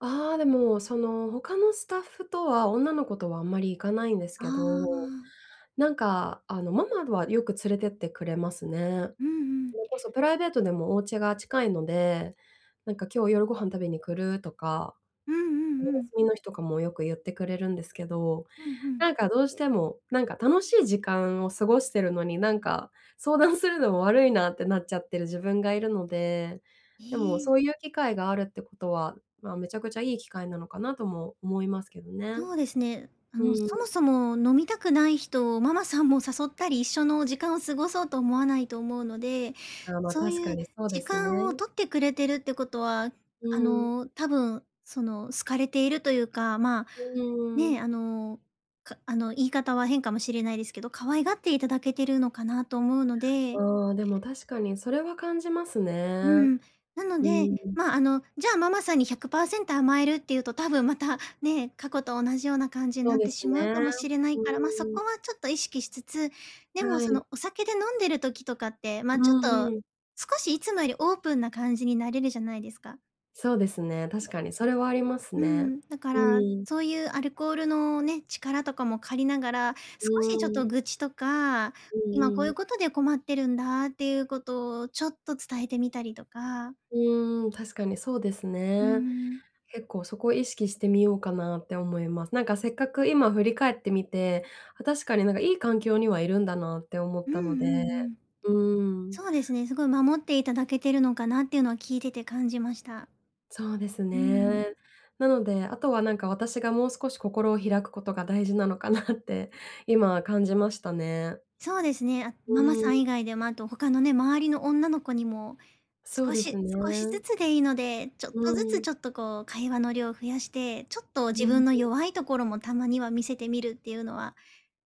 ああ、でも、その他のスタッフとは女の子とはあんまり行かないんですあけど、あ。なんか、あの、ママはよく連れてってくれますね。うんうん。それこそプライベートでもお家が近いので、なんか今日夜ご飯食べに来る？とか、うんうおんうん。休みの日とかもよく言ってくれるんですけど、うん、ふん。なんかどうしても、なんか楽しい時間を過ごしてるのに、なんか、相談するのも悪いなってなっちゃってる自分がいるので、でもいい。そういう機会があるってことは、ま、めちゃくちゃいい機会なのかなとも思いますけどね。とうですね。あうの、ん。そもそも飲みたくない人をママさんも誘ったり、一緒の時間を過ごそうと思わないと思うので、ああ、ま、そう確かいうにそうで時す間をね。取ってくれてるってことは、うあん。の、多分、その、好かれているというか、まあ、うん。ね、あの、かあの、言い方は変かもしれないですけど、可愛がっていただけてるのかなと思うので。ああ、でも確かにそれは感じますうね。ん、なのうで、ん。ま、あの、じゃあ、ママさんに100%甘えるっていうと多分またね、過去と同じような感じにそうなっでてすしまうね。かもしれなういから、ま、そーん。こはちょっと意識しつつ、でもはそい。のお酒で飲んでる時とかって、うま、ちょっんとうん。少しいつもよりオープンな感じになれるじゃないですか。そうですね、確 [unintelligible] かにそれはありますうね、ん、だかうらん。そういうアルコールのね、力とかも借りながら、う少しちょっとん。愚痴とか、う今こうんいううん。ことで困ってるんだっていうことをちょっと伝えてみたりとか。うーん、確かにそうですうーね。ん。結構そこを意識してみようかなって思います。なんかせっかく今振り返ってみて、あ、確かになんかいい環境にはいるんだなって思っうんうたので、んうん。うん。そうですね、すごい守っていただけてるのかなっていうのを聞いてて感じました。そうですうーん。ね。なので、あとはなんか、私がもう少し心を開くことが大事なのかなって今感じましたね。そうですね。あ、うママさん。ん以外で、ま、あと他のね、周りの女の子にもそう少ですし少しずね。つでいいので、ちょっとうずつん。ちょっとこう、会話の量増やして、ちょっとう自ん分のうん。弱いところもたまには見せてみるっていうのは、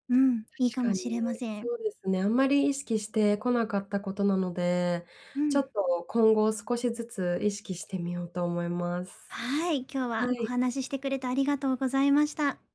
うん、いい確かかもに。しれません。そうですね。あんまり意識してこなかったことなので、うちょっん。と今後少しずつ意識してみようと思います。はい、今日ははおい。話ししてくれてありがとうございました。